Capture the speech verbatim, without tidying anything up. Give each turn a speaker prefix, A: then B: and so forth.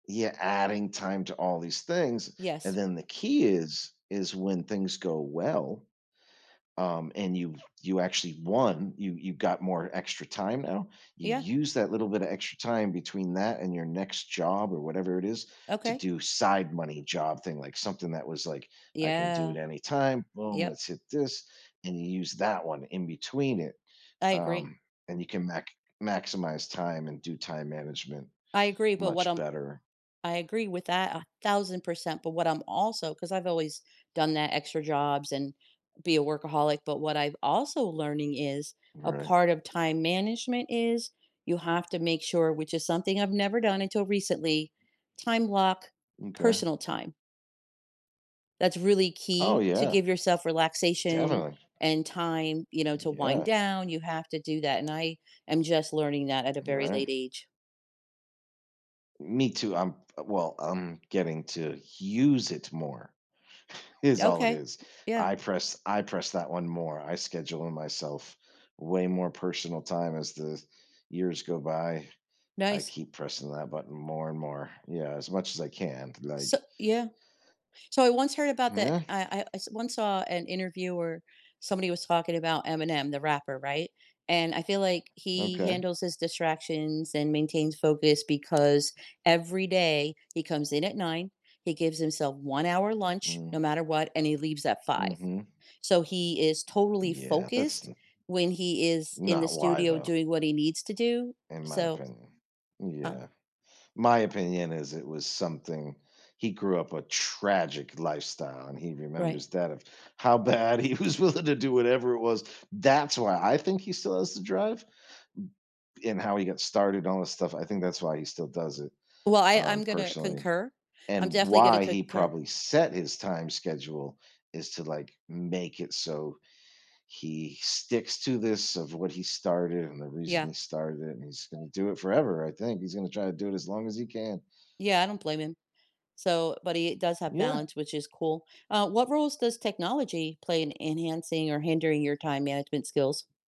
A: Yeah, adding time to all these things, and
B: Yes.
A: then the key is is when things go well, um, and you've you actually won, you you got more extra time and now, you
B: Yeah.
A: use that little bit of extra time between that and your next job, or whatever it is, to
B: Okay.
A: do side money job thing, like something that was like, "I can do it
B: Yeah.
A: any time. Boom,
B: Yep.
A: let's hit this," and you use that one in between it,
B: I agree.
A: um, and you can mac maximize time and do time management
B: I agree, but what
A: much
B: I'm
A: better.
B: I agree with that a thousand percent, but what I'm also 'cause I've always done that, extra jobs and be a workaholic, but what I've also learning is a
A: Right.
B: part of time management is you have to make sure, which is something I've never done until recently, time block,
A: M'kay.
B: personal time. That's really
A: Oh,
B: key to
A: yeah.
B: give yourself relaxation
A: Definitely.
B: and time, you know, to wind
A: Yeah.
B: down, you have to do that, and I am just learning that at a very late
A: Right.
B: age.
A: Me too. I'm f Well, I'm getting to use it more is all it
B: Okay.
A: is.
B: Yeah.
A: I press I press that one more, I schedule in myself way more personal time as the years go by, I
B: Nice.
A: keep pressing that button more and more. Yeah, as much as I can,
B: So
A: like
B: Yeah. So I once heard about that
A: Yeah.
B: I I I s once saw an interview where somebody was talking about Eminem, the rapper, right? And I feel like he
A: Okay.
B: handles his distractions and maintains focus because every day he comes in at nine, he gives himself one hour lunch, no
A: Mm.
B: matter what, and he leaves at five.
A: Mhm.
B: So he is totally
A: Yeah, that's
B: focused
A: n
B: when he is in the
A: Not why
B: studio
A: though
B: doing what he needs to do,
A: in my
B: so
A: opinion.
B: Uh
A: Yeah. My opinion is it was something he grew up a tragic lifestyle and he
B: Right.
A: remembers that of how bad he was willing to do whatever it was. That's why I think he still has the drive and how he got started all this stuff. I think that's why he still does it,
B: Well, I
A: um,
B: I'm gonna
A: personally
B: concur. I'm
A: and
B: definitely gonna
A: why he
B: concur
A: probably set his time schedule is to, like, make it so he sticks to this of what he started and the reason
B: Yeah.
A: he started it, and he's gonna do it forever I think he's gonna try to do it as long as he can.
B: Yeah, I don't blame him. So but he does have
A: Yeah.
B: balance, which is cool. Uh, what roles does technology play in enhancing or hindering your time management skills?